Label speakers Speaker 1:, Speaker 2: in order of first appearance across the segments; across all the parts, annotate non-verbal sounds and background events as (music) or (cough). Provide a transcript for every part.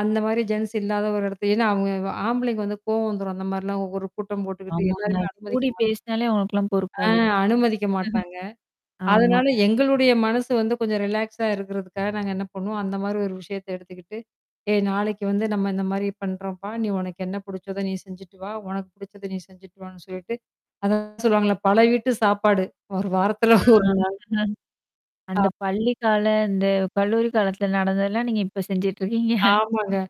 Speaker 1: அந்த மாதிரி ஜென்ஸ் இல்லாத ஒரு இடத்துல, ஏன்னா இவ அவுங்க ஆம்பளைங்க வந்து கோவம் வந்துரும், அந்த மாதிரிலாம் ஒவ்வொரு கூட்டம் போட்டுகிட்டு,
Speaker 2: ஆமாங்க.
Speaker 1: எல்லாருமே அனுமதிக்க
Speaker 2: கூடி
Speaker 1: மாட்
Speaker 2: பேசினாலே உனக்கெல்லாம்
Speaker 1: ஆ
Speaker 2: பொறுக்காது. (chuckles)
Speaker 1: அனுமதிக்க மாட்டாங்க.
Speaker 2: ஆமா.
Speaker 1: அதனால எங்களுடைய மனசு வந்து கொஞ்சம் ரிலாக்ஸா இருக்கறதுக்காக நாங்க என்ன பண்ணுவோம், அந்த மாதிரி ஒரு விஷயத்தை எடுத்துக்கிட்டு, ஏ நாளைக்கு வந்து நம்ம இந்த மாதிரி பண்றோம்பா. நீ உனக்கு என்ன பிடிச்சதோ, நீ செஞ்சுட்டு வா. உனக்குப் பிடிச்சதை நீ செஞ்சுட்டு வான்னு சொல்லிட்டு. அதான் சொல்லுவாங்கள்ல, பல வீட்டு சாப்பாடு. ஒரு வாரத்துல (chuckles) ஒரு நாள்.
Speaker 2: (unintelligible)
Speaker 1: ஆம்.
Speaker 2: அந்தப் பள்ளிக்கால, அந்தக் கல்லூரி காலத்துல நடந்ததலாம் நீங்க இப்ப செஞ்சிட்டு இருக்கீங்க.
Speaker 1: ஆமாங்க.
Speaker 2: (chuckles)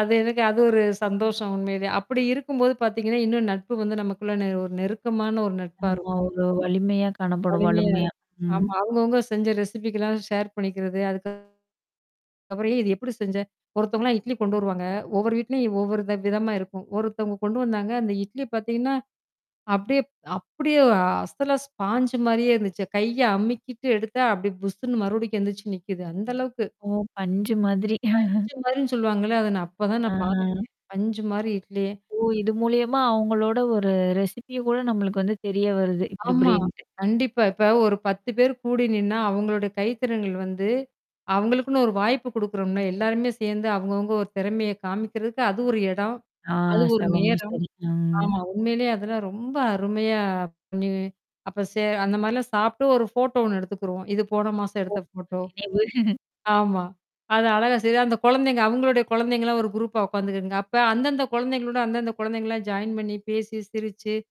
Speaker 1: அது எனக்கு அது ஒரு சந்தோஷம் உண்மைலயே. அப்படி இருக்கும்போது பார்த்தீங்கன்னா, இன்னும் நட்பு வந்து நமக்குள்ள நெ ஒரு நெருக்கமான ஒரு நட்பா
Speaker 2: ஆமா,
Speaker 1: இருக்கும்.
Speaker 2: ஒரு வலிமையா காணப்படும்.
Speaker 1: வலிமையா
Speaker 2: வலுமையா,
Speaker 1: இருக்கும்.
Speaker 2: ம்.
Speaker 1: ஆமா, அவங்க அவங்க செஞ்ச ரெசிப்பிக்கெல்லாம், ஷேர் பண்ணிக்கிறது. அதுக் அப்புறம் இதை எப்படி செஞ்ச? ஒருத்தவங்கலாம் இட்லி கொண்டு வருவாங்க. ஒவ்வொரு வீட்டுலயும் ஒவ்வொரு வி விதமா இருக்கும். ஒருத்தவங்க கொண்டு வந்தாங்க. அந்த இட்லி பார்த்தீங்கன்னா, அப்படியே அப்படியே ஒரு ஸ்பாஞ்ச் மாதிரியே இருந்துச்சு. கைய அமிக்கிட்டு எடுத்தா அப்படியே புசுன்னு மறுபடியும் எந்திருச்சு நிக்குது. அந்த அளவுக்கு.
Speaker 2: ஓ, பஞ்சு மாதிரி. (chuckles)
Speaker 1: பஞ்சு மாதிரின்னு சொல்லுவாங்கள்ல, அதை நான் அப்பதான்
Speaker 2: அ
Speaker 1: நான் பாத்தேனே!
Speaker 2: அ.
Speaker 1: பஞ்சு மாதிரி இட்லி.
Speaker 2: ஓ, இது மூலியமா அவங்களோட ஒரு, ரெசிப்பியகூட நம்மளக்கு வந்து, தெரிய வருது, இப்படி
Speaker 1: ஆமா,
Speaker 2: இப்படின்ட்டு.
Speaker 1: கண்டிப்பா. இப்ப ஒரு 10 பேர் கூடி நின்னா, அவங்களோட கைத்திறன்கள் வந்து, அவங்களுக்குனு ஒரு வாய்ப்பு கொடுக்கறோம்னே. எல்லாருமே சேர்ந்து, அவங்க அவங்க ஒரு திறமையை காமிக்கிறதுக்கு அது ஒரு இடம்.
Speaker 2: ஆ,
Speaker 1: அது ஒரு
Speaker 2: (unintelligible)
Speaker 1: நேரம்.
Speaker 2: சரி. ம்.
Speaker 1: ஆமா, உண்மையிலேயே அதுலாம் ரொம்ப அருமையா, நீ அப்ப சே அந்த மாதிரிலாம் சாப்பிட்டு ஒரு போட்டோ ஒண்ணு எடுத்துக்கிருவோம். இது போன மாசம்
Speaker 2: ஓ
Speaker 1: எடுத்த போட்டோ.
Speaker 2: நினைவு.
Speaker 1: ஆமா. அதை அழகா செ அந்த குழந்தைங்க, அவங்களோட குழந்தைங்கலாம் ஒரு குரூப்பா உக்காந்துக்குங்க. அப்ப அந்தந்த குழந்தைகளோட, அந்தந்த குழந்தைங்க எல்லாம் ஜாயின் பண்ணி பேசி, சிரிச்சு.